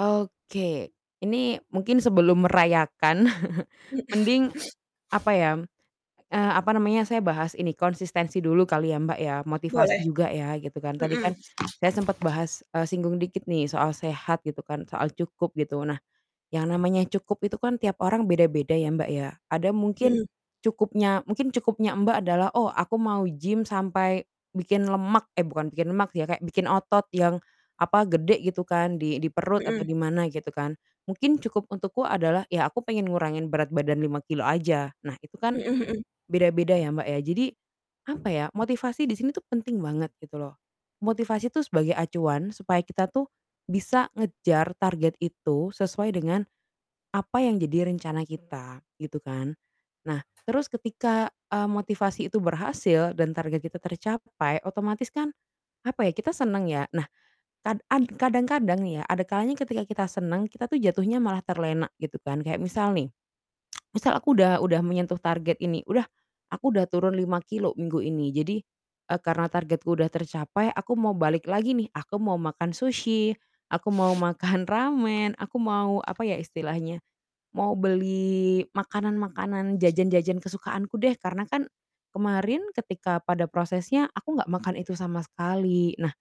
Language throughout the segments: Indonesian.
Oke, ini mungkin sebelum merayakan, Mhm. mending apa ya, eee, apa namanya, saya bahas ini, konsistensi dulu kali ya, Mbak, ya, motivasi Boleh. juga ya, gitu kan. Tadi Mhm. kan saya sempet bahas, eee, singgung dikit nih soal sehat gitu kan, soal cukup, gitu, nah, yang namanya cukup itu kan tiap orang beda-beda ya, Mbak, ya, ada mungkin Mhm. cukupnya mungkin cukupnya Mbak adalah, "Oh aku mau gym sampai bikin lemak" eh, bukan bikin lemak ya, "kayak bikin otot yang, apa, gede," gitu kan, "di di perut," atau di Mhm. mana gitu kan. Mungkin cukup untukku adalah ya aku pengen ngurangin berat badan 5 kilogram aja. Nah, itu kan Mhm mhm. beda-beda ya, Mbak, ya. Jadi, apa ya, motivasi di sini tuh penting banget gitu loh. Motivasi tuh sebagai acuan supaya kita tuh bisa ngejar target itu sesuai dengan apa yang jadi rencana kita, gitu kan. Nah, terus ketika, eee, motivasi itu berhasil dan target kita tercapai, otomatis kan apa ya, kita seneng ya, nah, kad ad kadang-kadang nih ya, ada kalanya ketika kita seneng, kita tuh jatuhnya malah terlena, gitu kan. Kayak misal nih, misal aku udah udah menyentuh target ini, udah, aku udah turun 5 kilogram minggu ini, jadi, eee, karena targetku udah tercapai, aku mau balik lagi nih, aku mau makan sushi, aku mau makan ramen, aku mau apa ya istilahnya, mau beli makanan-makanan, jajan-jajan, kesukaanku deh, karena kan kemarin ketika pada prosesnya aku nggak makan itu sama sekali. Nah,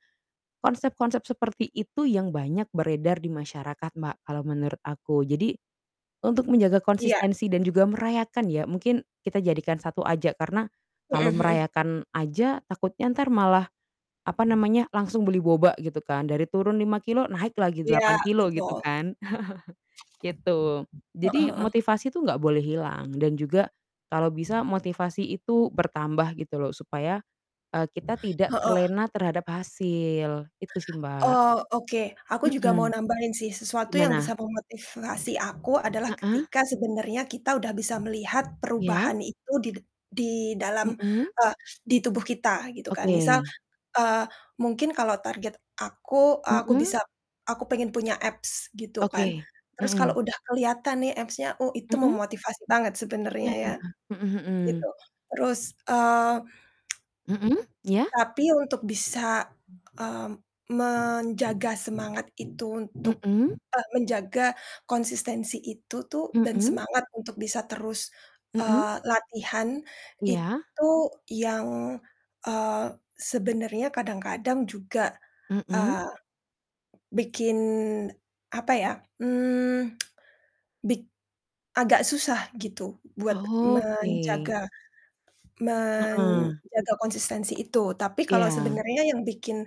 konsep-konsep seperti itu yang banyak beredar di masyarakat, Mbak, kalau menurut aku. Jadi untuk menjaga Iya. konsistensi dan juga merayakan ya, mungkin kita jadikan satu aja, karena Mhm kalau mhm. merayakan aja takutnya entar malah apa namanya, langsung beli boba gitu kan, dari turun 5 kilogram, naik lagi Iya, 8 kilogram, gitu betul. kan. Itu. Heeh Jadi heeh. motivasi tuh nggak boleh hilang, dan juga kalau bisa motivasi itu bertambah gitu loh, supaya, eee, kita tidak Heeh. terlena terhadap hasil. Itu sih, Mbak. Oh, oke, aku juga mau Mhm. nambahin sih, sesuatu yang bisa Gimana? memotivasi aku adalah Heeh. ketika sebenarnya kita udah bisa melihat Iya. perubahan itu di dad di dalam, Mhm. eee, di tubuh kita, gitu kan. Misal, Oke. eee, mungkin kalau target aku, aku Mhm. bisa aku pengen punya abs, gitu kan, Oke. terus kalo Mhm. udah keliatan nih abs-nya, oh, itu Mhm. memotivasi banget sebenernya Iya. ya, Mhm gitu. mhm. Terus, eee, Mhm, iya. tapi untuk bisa, mmm, menjaga semangat itu untuk Mhm. eee, menjaga konsistensi itu tuh dan Mhm. semangat untuk bisa terus, Mhm. eee, latihan Iya. itu yang, eee, sebenarnya kadang-kadang juga, Mhm. eee, bikin apa ya, mmm, bik agak susah gitu buat menjaga Oke. Heeh. menjaga konsistensi itu. Tapi kalau Iya. sebenarnya yang bikin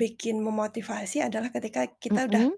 bikin memotivasi adalah ketika kita udah Mhm.